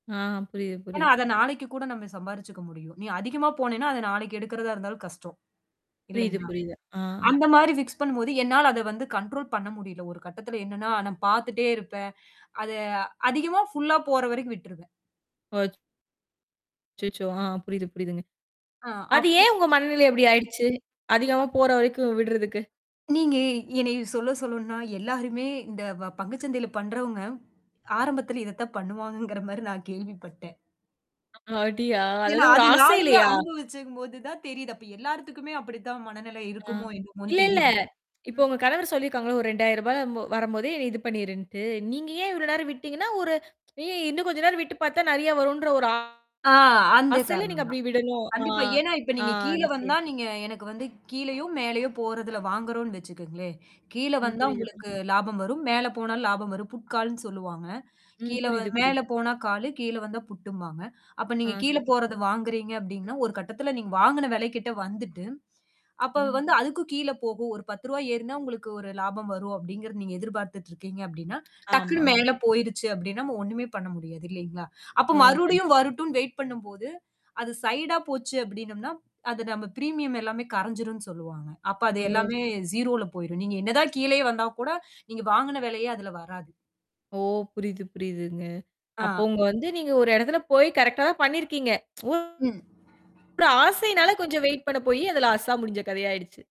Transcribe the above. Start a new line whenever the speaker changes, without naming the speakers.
ஆ, புரியுது,
ஏனா
புரியுது.
அத நாளைக்கு கூட நம்ம சம்பாரிச்சுக்க முடியும். நீ அதிகமா போனினா அத நாளைக்கு எடுக்கிறதா இருந்தாலும் கஷ்டம்.
புரியுது,
இல்லைங்களா?
புரியுது. ஆ.
அந்த மாரி ஃபிக்ஸ் பண்ணும்போது, என்னால அதை வந்து கண்ட்ரோல் பண்ண முடில. ஒரு கட்டத்தில என்னன்னா, நான் பாத்துட்டே இருப்பேன். அதை அதிகமா ஃபுல்லா போற வரைக்கும் விட்ருவேன்.
போச்சு. அச்சச்சோ! ஆ புரியுது, புரியுதுங்க.
ஆ
அது
அப்போ
ஏன் உங்க மனநிலை இப்படி ஆயுடுச்சு. அதிகமா போற வரைக்கும் விடறதுக்கு.
நீங்க என்னைய சொல்ல சொல்லனும்னா எல்லாருமே இந்த வ பங்கு சந்தையில் பண்றவங்க, ஆரம்பத்தில இதை தான் பண்ணுவாகங்கிற மாரி நான் கேள்விப்பட்டேன்.
அப்டியா?
ஏனா
அதாவது ஒரு
அது நானுமே
ஆசையிலையா?
அனுபவிச்சங்போது தான் தெரியுது. அப்ப எல்லாருதுக்குமே அப்படித்தான் மனநிலை
ஆ.
இருக்குமோ என்னமோனு
இல்ல இல்ல
தெரியுது.
இப்ப
ம்.
உங்க கணவர் சொல்லிருக்காங்கில ஒரு ரூ. 2,000ல வரம்போதே நீ இது பண்ணீருன்ட்டு. நீங்க ஏன் இவ்வளவு நேரம் விட்டீங்கனா, ஒரு ஏய் இன்னும் கொஞ்சம் நேரம் விட்டு பாத்தா நெறைய வருன்ற ஒரு ஆ
ஆ அந்த
ஆசையில நீங்க
காரணம் தான்.
அப்படி விடனும். ஆ.
கண்டிப்பா. ஏனா இப்ப
ஆ,
நீங்க கீழ வந்தா,
சரி.
நீங்க எனக்கு வந்து கீழயோ மேலேயோ போறதில வாங்குறோம்னு வச்சுக்கங்களேன். கீழ
ம்.
வந்தா
புரியுது, புரியுது.
உங்களுக்கு லாபம் வரும் மேலே போனாலும் லாபம் வரும். புட்காலுன்னு சொல்லுவாங்க.
ம்.
கீழவ
புரியுது,
மேலே
புரியுது.
போனா காலு, கீழ வந்தா புட்டும்பாங்க அப்ப
ஆ
நீங்க கீழ
சரி.
போறத வாங்குறீங்க அப்டின்னா ஒரு கட்டத்தில நீங்க வாங்கின விலைக்கிட்ட வந்துட்டு, அப்ப
அ.
வந்து அதுக்கு கீழ போகும். ஒரு ரூ. 10 ஏறினா உங்களுக்கு ஒரு லாபம் வரும் அப்டிங்கிறத நீங்க எதிர்பாத்துட்டு இருக்கீங்க அப்டின்னா, டக்குனு
ஆமா.
மேலே போயுருச்சு அப்டின்னா நாம ஒண்ணுமே பண்ண முடியாது இல்லீங்களா? அப்போ
ஆ கண்டிப்
மறுடியும் வரட்டும்னு வெயிட் பண்ணும் போது அது சைடா போச்சு அப்டினம்னா, அது நம்ம பிரீமியம் எல்லாமே கரஞ்சுரும்னு சொல்லுவாங்க. அப்ப அது
ஓ.
எல்லாமே ௦ போயுரும். நீங்க என்ன தான் கீழயே வந்தாலும் கூட, நீங்க வாங்கின விலையே அதில வராது.
ஓ! புரிது புரியுதுங்க. அப்போ
ஆ.
உங்க வந்து நீங்க ஒரு இடத்தில போய் கரெக்ட்டா தான் பண்ணீருக்கீங்க. ஒரு
ம்.
ஆசையினால கொஞ்சம் வெயிட் பண்ண போய், அது லாஸ்ஸா முடுஞ்ச கதையாயிடுச்சு.